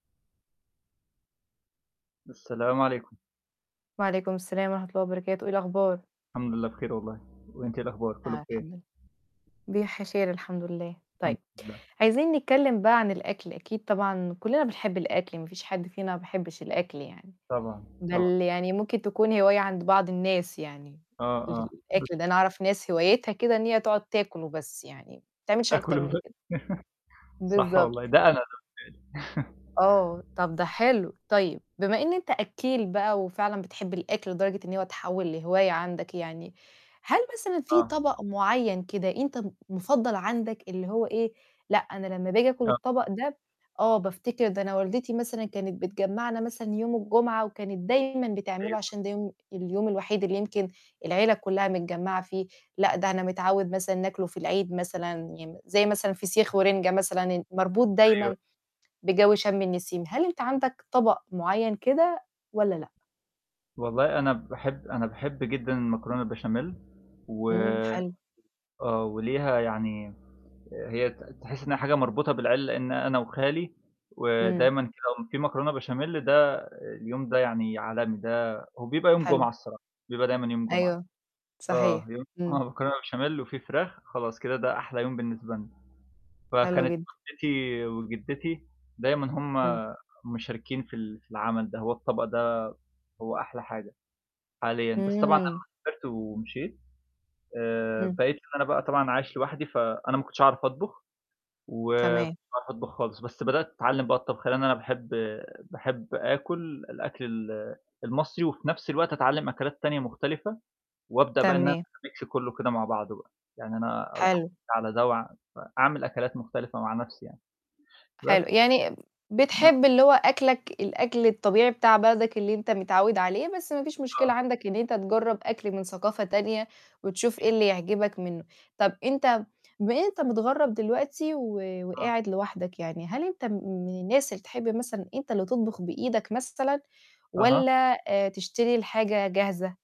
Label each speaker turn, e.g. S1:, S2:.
S1: السلام عليكم.
S2: وعليكم السلام ورحمة الله وبركاته، إيه الأخبار؟
S1: الحمد لله بخير والله، وأنتِ إيه الأخبار؟ كُلّه
S2: آه
S1: بخير؟
S2: الحمد لل بيح خير الحمد لله.
S1: الحمد
S2: طيب
S1: لله.
S2: عايزين نتكلم بقى عن الأكل أكيد طبعًا كُلّنا بنحب الأكل ما فيش حد فينا ما بيحبش الأكل يعني.
S1: طبعًا،
S2: بل
S1: طبعًا.
S2: يعني ممكن تكون هواية عند بعض الناس يعني،
S1: آه، آه بس
S2: للأكل ده أنا أعرف ناس هوايتها كده إن هي تقعد تاكل وبس يعني ما بتعملش أكتر
S1: تاكل
S2: من
S1: [unintelligible]
S2: كده.
S1: صح والله،
S2: بالضبط
S1: ده أنا ده خدي بالِك
S2: آه، طب ده حلو، طيب بما إن أنت أكّيل بقى وفعلًا بتحب الأكل لدرجة إن هو تحوّل لهواية عندك يعني، هل مثلًا في
S1: آه.
S2: طبق معيّن كده أنت م مفضّل عندك؟ اللي هو إيه، لأ أنا لمّا باجي آكل
S1: آه.
S2: الطبق ده آه بافتكر ده أنا والدتي مثلًا كانت بتجمعنا مثلًا يوم الجمعة وكانت دايمًا بتعمله
S1: أيوه.
S2: عشان ده يوم اليوم الوحيد اللي يمكن العيلة كُلّها متجمّعة فيه، لأ ده أنا متعوّد مثلًا ناكله في العيد مثلًا ي زي مثلًا فسيخ ورنجة مثلًا ن مربوط
S1: أيوه.
S2: دايمًا بجو شَم النسيم. هل أنت عندك طبق معيّن كده والّا لأ؟
S1: والله أنا باحب أنا باحب جدًا المكرونة البشاميل و
S2: إمم حلو.
S1: آه، وليها يعني هي ت تحس إنها حاجة مربوطة بالعيل لأن أنا وخالي
S2: إمم.
S1: ودايمًا [unintelligible] في مكرونة بشاميل ده اليوم ده يعني عالمي ده هو بيبقى يوم جمعة
S2: حلو.
S1: الصراحة، بيبقى دايمًا يوم جمعة.
S2: أيوه،
S1: آه
S2: صحيح،
S1: يوم
S2: إمم.
S1: جمعة مكرونة بشاميل وفي فراخ، خلاص كده ده أحلى يوم بالنسبة لنا،
S2: حلو
S1: فكانت
S2: جدًا.
S1: جدتي وجدتي دايمًا هُم
S2: إمم.
S1: مشاركين في ال في العمل ده، هو الطبق ده هو أحلى حاجة حاليًا بس طبعًا لمّا
S2: إمم.
S1: سافرت ومشيت آآ،
S2: إمم.
S1: بقيت اللي أنا بقى طبعًا عايش لوحدي، فأنا ما كنتش أعرف أطبخ، وماكنتش
S2: تمام.
S1: باعرف أطبخ خالص بس بدأت أتعلّم بقى الطبخ لأن أنا باحب باحب آكل الأكل ال المصري وفي نَفس الوقت أتعلّم أكلات تانية مختلفة، وأبدأ بقى إن أنا
S2: تمام.
S1: أميكس كُلّه كده مع بعضه بقى، يعني أنا اب
S2: حلو.
S1: على ده وع فأعمِل أكلات مختلفة مع نَفسي يعني.
S2: حلو،
S1: بس.
S2: يعني
S1: ن
S2: بتحب اللي هو أكلك الأكل الطبيعي بتاع بلدك اللي أنت متعوّد عليه، بس ما فيش مشكلة
S1: آه.
S2: عندك إن أنت تجرب أكل من ثقافة تانية وتشوف إيه
S1: أوكي.
S2: اللي يعجبك منه. طب أنت بما إن أنت متغرب دلوقتي و
S1: آه.
S2: وقاعد لوحدك يعني، هل أنت م من الناس اللي تحب مثلًا أنت اللي تطبخ بإيدك مثلًا
S1: أها.
S2: والّا آآ تشتري الحاجة جاهزة؟